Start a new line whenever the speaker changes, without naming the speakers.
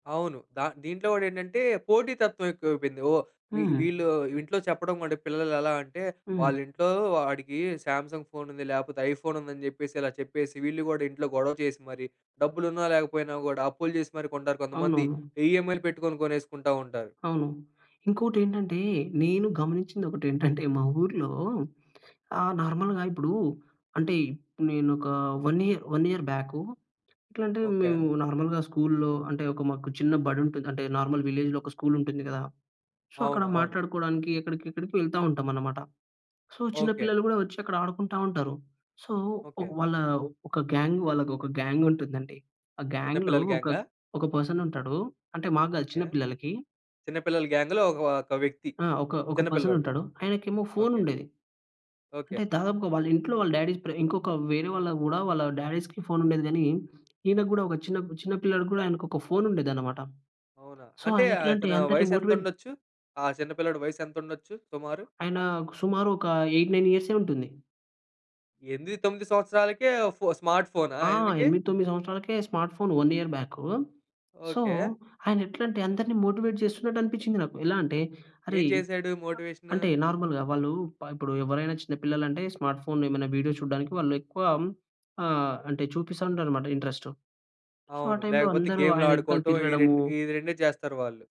అవును. ద దీంట్లో కూడా ఏంటంటే పోటీతత్వం ఎక్కువైపోయింది ఓహ్! వీ
హ్మ్.
వీళ్ళు ఇంట్లో చెప్పడం కూడా పిల్లలు ఎలా అంటే,
హ్మ్.
వాళ్ళ ఇంట్లో వాడికి సామ్‌సంగ్ ఫోన్ ఉంది లేకపోతే ఐఫోన్ ఉందని చెప్పేసి, ఇలా చెప్పేసి వీళ్ళు కూడా ఇంట్లో గొడవ చేసి మరి, డబ్బులు ఉన్నా లేకపోయినా కూడా అప్పులు చేసి మరి కొంటారు కొంతమంది.
అవునవును.
ఈఎమ్ఐలు పెట్టుకొని కొనేసుకుంటా ఉంటారు.
అవును. ఇంకోటి ఏంటంటే, నేను గమనించింది ఒకటి ఏంటంటే, మా ఊర్లో ఆ! నార్మల్‌గా ఇప్పుడు అంటే, నేను ఒక వన్ ఇయర్ 1 ఇయర్ బ్యాకు, ఎట్లా అంటే
ఓకే.
మేము నార్మల్‌గా స్కూల్‌లో అంటే ఒక మాకు చిన్న బడి ఉంటది. అంటే నార్మల్ విలేజ్‌లో ఒక స్కూల్ ఉంటుంది కదా! సో, అక్కడ
అవును. అవును.
మాట్లాడుకోవడానికి ఎక్కడికి ఎక్కడికి వెళ్తా ఉంటాం అన్నమాట. సో, చిన్న
ఓకే.
పిల్లలు కూడా వచ్చి అక్కడ ఆడుకుంటా ఉంటారు. సో, ఒక
ఓకే.
వాళ్ళ ఒక గ్యాంగ్ వాళ్ళకి ఒక గ్యాంగ్ ఉంటుందండి. ఆ గ్యాంగ్‌లో
చిన్నపిల్లల
ఒక,
గ్యాం‌గా?
ఒక పర్సన్ ఉంటాడు అంటే మాకు కాదు చిన్న
ఓకే.
పిల్లలకి.
చిన్నపిల్లల గ్యాం‌‌గ్‌లో ఓ‌క్ ఒక వ్యక్తి
ఆ! ఒక ఒక పర్సన్
చిన్నపిల్లోడు.
ఉంటాడు ఆయనకేమో ఫోన్
ఓకే.
ఉండేది.
ఓకే.
అంటే దాదాపుగా వాళ్ళ ఇంట్లో వాళ్ళ డాడీస్ ప్రే ఇంకొక వేరే వాళ్ళకి కూడా వాళ్ళ డాడీ‌స్‌కి ఫోన్ ఉండేది కానీ, ఈయన కూడా ఒక చిన్న చిన్న పిల్లాడికి కూడా ఆయనకి ఒక ఫోన్ ఉండేది అన్నమాట.
అవునా!
సో,
అంటే
ఆయన ఎట్లా అంటే
అతను
అందరిని
వయసు ఎంత
మోటివేట్
ఉండొచ్చు, ఆ చిన్న పిల్లోడు వయసు ఎంత ఉండొచ్చు సుమారు?
ఆయన‌కు సుమారు ఒక 8, 9 ఇయర్సే ఉంటుంది.
8, 9 సంవత్సరాలకే ఫో స్మార్ట్ ఫో‌నా
ఆ!
ఆయనకి?
8, 9 సంవత్సరాలకే smart phone 1 year back. So,
okay.
ఆయన ఎట్లా అంటే అందరిని మోటివేట్ చేస్తున్నట్టు అనిపించింది నాకు. ఎలా అంటే
ఏం
అరే!
చేసాడు మోటివేషన్.
అంటే నార్మల్‌గా వాళ్ళు ప ఇప్పుడు ఎవరైనా చిన్న పిల్లలు అంటే స్మార్ట్ ఫోన్ ఏమైనా వీడియో చూడడానికి వాళ్ళు ఎక్కువ ఆహ్, అంటే చూపిస్తూ ఉంటారన్నమాట ఇంట్రెస్ట్. సో, ఆ
అవును.
టైమ్‌లో
లేకపోతే
అందరు
గేమ్‌లు
ఆయన ఎనకల
ఆడుకోవటం ఈ
తిరగడము
రెండు ఈ రెండే చేస్తారు వాళ్ళు.